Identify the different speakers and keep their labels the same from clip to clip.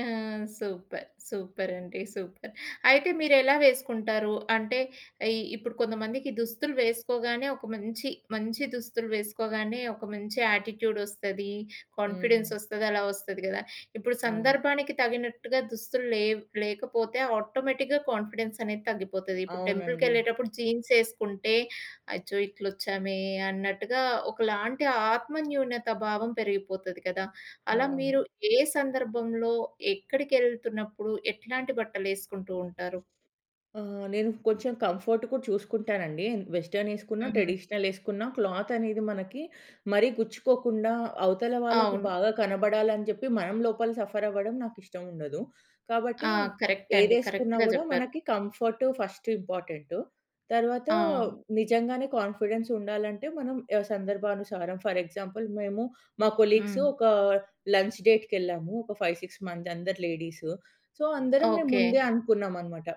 Speaker 1: ఆ! Super! Super అండి. Super. అయితే మీరెలా వేసుకుంటారు? అంటే ఇ ఇప్పుడు కొంతమందికి దుస్తులు వేసుకోగానే ఒక మంచి, మంచి దుస్తులు వేసుకోగానే ఒక మంచి యాటిట్యూడ్ ఒస్తది. కాన్ఫిడెన్స్
Speaker 2: హ్మ్.
Speaker 1: ఒస్తది. అలా ఒస్తది గదా! ఇప్పుడు
Speaker 2: అవును.
Speaker 1: సందర్భానికి తగినట్టుగా దుస్తులు లేవు లేకపోతే ఆటోమేటిక్‌గా కాన్ఫిడెన్స్ అనేది తగ్గిపోతది. ఇప్పుడు
Speaker 2: అవునండి.
Speaker 1: టెంపుల్‌కెళ్ళేటప్పుడు జీన్స్ ఏసుకుంటే అచ్చో! ఇట్లా వచ్చామే అన్నట్టుగా ఒకలాంటి ఆత్మన్యూన్యత భావం పెరిగిపోతది కదా! అలా మీరు
Speaker 2: అవును.
Speaker 1: ఏ సందర్భంలో ఎక్కడికెళ్తున్నప్పుడు ఎట్లాంటి బట్టలు ఏసుకుంటూ ఉంటారు?
Speaker 2: ఆహ్, నేను కొంచెం కంఫోర్ట్ కూడా చూసుకుంటానండి. వెస్ట్రన్ ఏసుకున్న,
Speaker 1: హ్మ్.
Speaker 2: ట్రెడిషనల్ ఏసుకున్నా క్లాత్ అనేది మనకి మరీ గుచ్చుకోకుండా అవతల వాళ్ళకి
Speaker 1: అవును.
Speaker 2: బాగా కనబడాలని చెప్పి మనం లోపల సఫర్ అవ్వడం నాకు ఇష్టం ఉండదు. కాబట్టి
Speaker 1: ఆ! కరెక్ట్ అండి.
Speaker 2: ఏదేసుకున్నా
Speaker 1: కరెక్ట్‌గా
Speaker 2: గూడా
Speaker 1: జేప్పారు.
Speaker 2: మనకి కంఫోర్ట్ ఫస్ట్ ఇంపార్టెంటు. తర్వాత
Speaker 1: ఆ!
Speaker 2: నిజంగానే కాన్ఫిడెన్స్ ఉండాలంటే మనం ఏ సందర్భానుసారం ఫర్ ఎగ్జాంపుల్ మేము, మా కొలీగ్స్
Speaker 1: హ్మ్.
Speaker 2: ఒక లంచ్ డేట్‌కెళ్ళాము. ఒక 5, 6 మంది అందరు లేడీస్. సో అందరం మేము
Speaker 1: ఓకే.
Speaker 2: ముందే అనుకున్నాం అన్నమాట.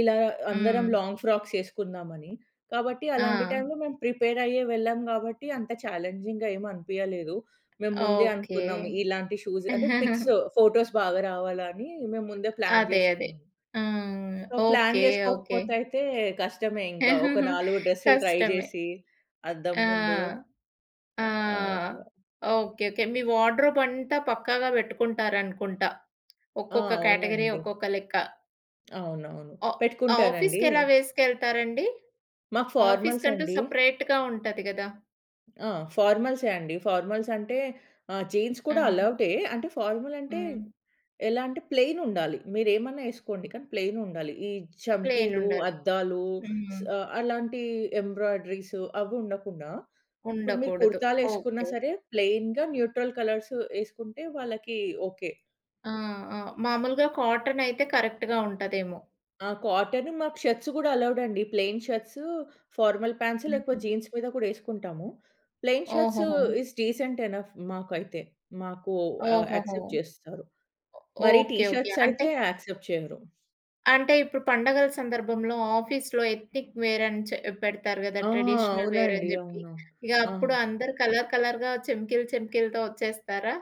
Speaker 2: ఇలా అందరం
Speaker 1: హ్మ్.
Speaker 2: లాంగ్ ఫ్రాక్స్ ఏసుకుందామని. కాబట్టి అలాంటి
Speaker 1: ఆ!
Speaker 2: టైమ్‌లో మేము ప్రిపేర్ అయ్యే వెళ్ళాం గాబట్టి అంత ఛాలెంజింగ్‌గా ఏం అనిపియలేదు. మేము ముందే
Speaker 1: ఓకే.
Speaker 2: అనుకున్నాము ఇలాంటి షూస్ అంటే పిక్స్, ఫోటోస్ బాగా రావాలని మేము ముందే ప్లాన్
Speaker 1: అదే అదే.
Speaker 2: జేసుకున్నాం.
Speaker 1: ఆ!
Speaker 2: So plan
Speaker 1: okay. ఓకే.
Speaker 2: జేసుకోకపోతే అయితే కష్టమే ఇంకా ఒక 4 డ్రెస్‌లు ట్రై
Speaker 1: కష్టమే.
Speaker 2: జేసి అద్దం
Speaker 1: ఆ!
Speaker 2: ముందు
Speaker 1: ఆ!
Speaker 2: ఆహ్, అట్లా.
Speaker 1: ఓకే. ఓకే. మీ వార్డ్‌రుబ్ అంతా పక్కాగా పెట్టుకుంటారు అనుకుంట.
Speaker 2: ఆ!
Speaker 1: ఒక్కొక్క క్యాటగరీ
Speaker 2: అవునండి.
Speaker 1: ఒక్కొక్క లెక్క.
Speaker 2: అవునవును.
Speaker 1: అ
Speaker 2: పెట్టుకుంటానండి.
Speaker 1: ఆఫీస్‌కేలా వేసుకెళ్తారండి?
Speaker 2: మాకు
Speaker 1: ఆఫీస్
Speaker 2: ఫార్మల్స్
Speaker 1: కంటూ
Speaker 2: అండి.
Speaker 1: సెపరేట్‌గా ఉంటది గదా!
Speaker 2: ఆ! ఫార్మల్సే అండి. ఫార్మల్స్ అంటే ఆహ్, జీన్స్ కూడా
Speaker 1: హ్మ్.
Speaker 2: అలోవ్‌డే, అంటే ఫార్మల్ అంటే
Speaker 1: హ్మ్.
Speaker 2: ఎలా అంటే ప్లెయిన్ ఉండాలి. మీరు ఏమన్నా ఎసుకోండి కానీ ప్లెయిన్ ఉండాలి. ఈ
Speaker 1: ప్లెయిన్
Speaker 2: చంకీలు,
Speaker 1: ఉండాలి.
Speaker 2: అద్దాలు స
Speaker 1: హ్మ్.
Speaker 2: అలాంటి ఎంబ్రాయిడరీసు అవి ఉండకుండా ఇప్పుడు మీరు
Speaker 1: ఉండకూడదు.
Speaker 2: కుర్తాలు ఏసుకున్న
Speaker 1: ఓకే.
Speaker 2: సరే, ప్లెయిన్‌గా న్యూట్రల్ కలర్స్ వేసుకుంటే వాళ్ళకి ఓకే.
Speaker 1: ఆ! ఆ! మామూలుగా కాటన్ అయితే కరెక్ట్‌గా ఉంటదేమో!
Speaker 2: ఆ! కాటన్. మాకు షర్ట్స్ గూడా అలోవెడండి. ప్లెయిన్ షర్ట్స్, ఫార్మల్ ప్యాంట్స్ లేకపోతే
Speaker 1: హుహు.
Speaker 2: జీన్స్ మీద కూడా ఎసుకుంటాము. ప్లెయిన్ షర్ట్స్
Speaker 1: ఓహోహో!
Speaker 2: ఇస్ డీసెంట్ ఎనఫ్ మాకైతే. మాకు ఆహ్,
Speaker 1: ఓహోహో!
Speaker 2: యాక్సెప్ట్ చేస్తారు.
Speaker 1: ఒ
Speaker 2: మరి టీ
Speaker 1: ఓకే. ఓకే.
Speaker 2: షర్ట్స్
Speaker 1: అంటే...
Speaker 2: అయితే యాక్సెప్ట్ చేయరు.
Speaker 1: అంటే ఇప్పుడు పండగల సందర్భంలో ఆఫీస్‌లో ఎత్‌నిక్ వేర్ అని చె పెడతారు గదా!
Speaker 2: ఆ!
Speaker 1: ట్రెడిషనల్ వేర్
Speaker 2: అవునండి.
Speaker 1: అని జేప్పి
Speaker 2: అవును.
Speaker 1: ఇగ
Speaker 2: ఆ!
Speaker 1: అప్పుడు అందరూ కలర్ కలర్‌గా చెమికిలు చెమికిలతో ఒచ్చేస్తారా?